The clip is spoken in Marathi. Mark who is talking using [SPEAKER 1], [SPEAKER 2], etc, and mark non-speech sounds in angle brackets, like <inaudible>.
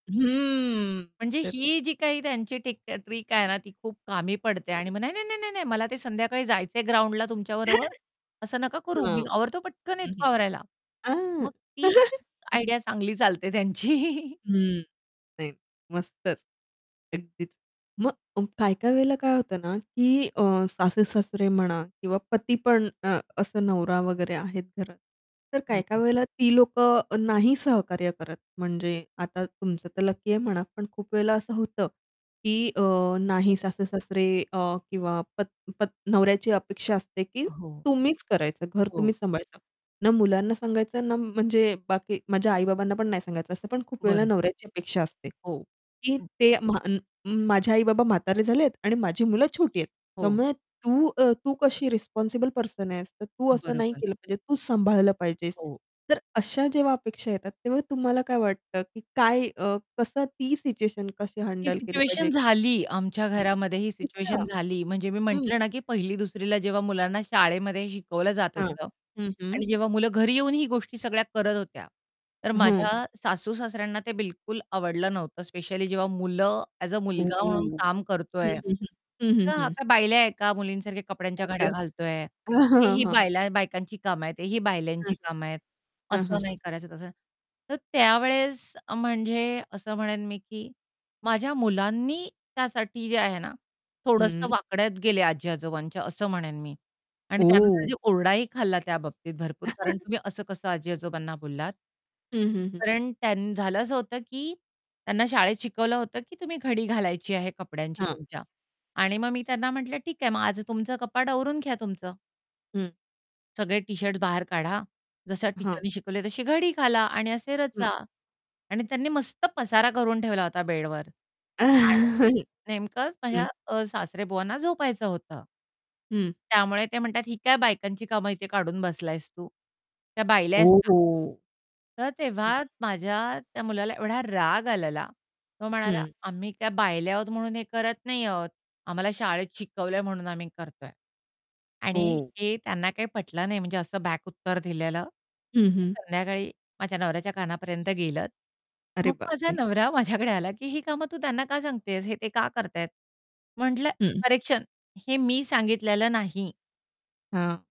[SPEAKER 1] हम्म,
[SPEAKER 2] म्हणजे,
[SPEAKER 1] तर
[SPEAKER 2] ही जी काही त्यांची टिक ट्रिक आहे ना ती खूप कामी पडते.
[SPEAKER 1] हं.
[SPEAKER 2] आणि मग, "नाही-नाही, नाही-नाही, नाही, मला ते संध्याकाळी जायचंय ग्राउंडला तुमच्याबरोबर.
[SPEAKER 1] <chuckles>
[SPEAKER 2] असं नका करू.
[SPEAKER 1] हां.
[SPEAKER 2] मी आवरतो पटकन.
[SPEAKER 1] हं,
[SPEAKER 2] येतो
[SPEAKER 1] हं.
[SPEAKER 2] आवरायला."
[SPEAKER 1] आ
[SPEAKER 2] मग ती
[SPEAKER 1] <chuckles> अं.
[SPEAKER 2] आयडिया चांगली चालते त्यांची.
[SPEAKER 1] हं, नाही मस्तच! अगदीच. मग काही-काही वेळेला काय होतं ना, की अ, सासू-सासरे म्हणा किंवा पती, पण अ, असं नवरा वगैरे आहेत घरात. तर काही-काही
[SPEAKER 2] बरोबर.
[SPEAKER 1] वेळेला ती लोकं नाही सहकार्य करत. म्हणजे, आता तुमचं तर लकी आहे म्हणा, पण खूप वेळेला असं होतं, की अ, नाही
[SPEAKER 2] <unintelligible>
[SPEAKER 1] सासू-सासरे अ, किंवा पत पत नवऱ्याची अपेक्षा असते की,
[SPEAKER 2] हो.
[SPEAKER 1] तुम्हीच करायचं, घर
[SPEAKER 2] हो.
[SPEAKER 1] तुम्हीच सांभाळायचं. ना मुलांना सांगायचं, ना म्हणजे बाकी माझ्या आई-बाबांना पण नाही सांगायचं. असं पण खूप वेळेला
[SPEAKER 2] बरं.
[SPEAKER 1] नवऱ्याची अपेक्षा असते.
[SPEAKER 2] हो,
[SPEAKER 1] की
[SPEAKER 2] हं.
[SPEAKER 1] ते म्हाण माझे आई-बाबा म्हातारे झालेत आणि माझी मुलं छोटी आहेत.
[SPEAKER 2] हो.
[SPEAKER 1] त्यामुळे तू अ, तू कशी रिस्पॉन्सिबल पर्सन आहेस, तू असं नाही
[SPEAKER 2] बरोबर.
[SPEAKER 1] केलं पाहिजे, तू सांभाळलं पाहिजेस.
[SPEAKER 2] हो.
[SPEAKER 1] तर अशा जेव्हा अपेक्षा येतात, तेव्हा तुम्हाला काय वाटतं की काय, अ, कसं ती सिच्युएशन कशी
[SPEAKER 2] ही
[SPEAKER 1] हँडल केली
[SPEAKER 2] सिच्युएशन
[SPEAKER 1] पाहिजे?
[SPEAKER 2] झाली आमच्या
[SPEAKER 1] हं,
[SPEAKER 2] घरामध्ये. ही
[SPEAKER 1] अच्छा!
[SPEAKER 2] सिच्युएशन झाली म्हणजे, मी
[SPEAKER 1] हं.
[SPEAKER 2] म्हटलं ना, की पहिली-दुसरीला जेव्हा मुलांना शाळेमध्ये शिकवलं जात
[SPEAKER 1] हां,
[SPEAKER 2] होतं.
[SPEAKER 1] हं, हं.
[SPEAKER 2] आणि जेव्हा मुलं घरी येऊन ही गोष्टी सगळ्या करत होत्या, तर
[SPEAKER 1] हं.
[SPEAKER 2] माझ्या सासू-सासऱ्यांना ते बिलकुल आवडलं नव्हतं. स्पेशली जेव्हा मुलं अ‍ॅज अ मुलगा म्हणून
[SPEAKER 1] ओह.
[SPEAKER 2] काम
[SPEAKER 1] हं,
[SPEAKER 2] करतोय.
[SPEAKER 1] हं, हं. हं, हं,
[SPEAKER 2] तर,
[SPEAKER 1] हं.
[SPEAKER 2] आता बायल्याा आहे का? मुलींसारख्या कपड्यांच्या
[SPEAKER 1] आई
[SPEAKER 2] घड्या
[SPEAKER 1] गं!
[SPEAKER 2] घालतोय.
[SPEAKER 1] अं, हं,
[SPEAKER 2] तेही
[SPEAKER 1] हं, हं.
[SPEAKER 2] बायला बायकांची कामं आहेत, तेही
[SPEAKER 1] हं,
[SPEAKER 2] बायल्यांची कामं आहेत,
[SPEAKER 1] हं, हं. हं, हं,
[SPEAKER 2] असं
[SPEAKER 1] हं.
[SPEAKER 2] नाही करायचं तसं तर त्यावेळेस, म्हणजे असं म्हणेन मी, की माझ्या मुलांनी त्यासाठी जे आहे ना, थोडसं
[SPEAKER 1] हम्म.
[SPEAKER 2] वाकड्यात गेले आजी-आजोबांच्या, असं म्हणेन मी. आणि
[SPEAKER 1] ओह!
[SPEAKER 2] त्यानंतर ओरडाही खाल्ला त्याबाबतीत भरपूर, कारण,
[SPEAKER 1] <chuckles>
[SPEAKER 2] तुम्ही असं कसं आजी-आजोबांना बोललात?
[SPEAKER 1] हं, हं, हं.
[SPEAKER 2] कारण त्यां झालं असं होतं, की त्यांना शाळेत शिकवलं होतं, की तुम्ही घडी घालायची आहे कपड्यांची
[SPEAKER 1] हां.
[SPEAKER 2] तुमच्या. आणि मग मी त्यांना म्हटलं, ठीक आहे, मग आज तुमचं कपाट आवरून घ्या तुमचं.
[SPEAKER 1] हं.
[SPEAKER 2] सगळे टी-शर्ट बाहेर काढा, जशा
[SPEAKER 1] हां.
[SPEAKER 2] टीचरनी शिकवली तशी घडी घाला आणि असे
[SPEAKER 1] हं.
[SPEAKER 2] रचा. आणि त्यांनी मस्त पसारा करून ठेवला होता बेडवर.
[SPEAKER 1] आहं,
[SPEAKER 2] आणि नेमकं अ,
[SPEAKER 1] हं.
[SPEAKER 2] माझ्या सासरेबुवांना झोपायचं होतं.
[SPEAKER 1] हं.
[SPEAKER 2] त्यामुळे ते म्हणतात, "ही काय बायकांची कामं इथे काढून बसलायस तू? त्या बायल्या
[SPEAKER 1] ओ
[SPEAKER 2] आहेस का?"
[SPEAKER 1] हो!
[SPEAKER 2] तर
[SPEAKER 1] हं.
[SPEAKER 2] तेव्हा माझ्या त्या मुलाला एवढा राग आलेला, तो म्हणाला,
[SPEAKER 1] हं.
[SPEAKER 2] "आम्ही काय बायले आहोत, म्हणून हे करत नाही आहोत. आम्हाला शाळेत शिकवलंय, म्हणून आम्ही करतोय." आणि
[SPEAKER 1] हो.
[SPEAKER 2] हे त्यांना काही पटलं नाही, म्हणजे असं बॅक उत्तर दिलेलं.
[SPEAKER 1] हं,
[SPEAKER 2] ते
[SPEAKER 1] हं.
[SPEAKER 2] संध्याकाळी माझ्या नवऱ्याच्या कानापर्यंत गेलं.
[SPEAKER 1] अरे
[SPEAKER 2] मग
[SPEAKER 1] बाप
[SPEAKER 2] माझा
[SPEAKER 1] रे!
[SPEAKER 2] नवरा माझ्याकडे आला, की ही कामं तू त्यांना का सांगतेस? हे ते का करत आहेत? म्हटलं,
[SPEAKER 1] हं.
[SPEAKER 2] करेक्शन हे मी सांगितलेलं नाही.
[SPEAKER 1] हां.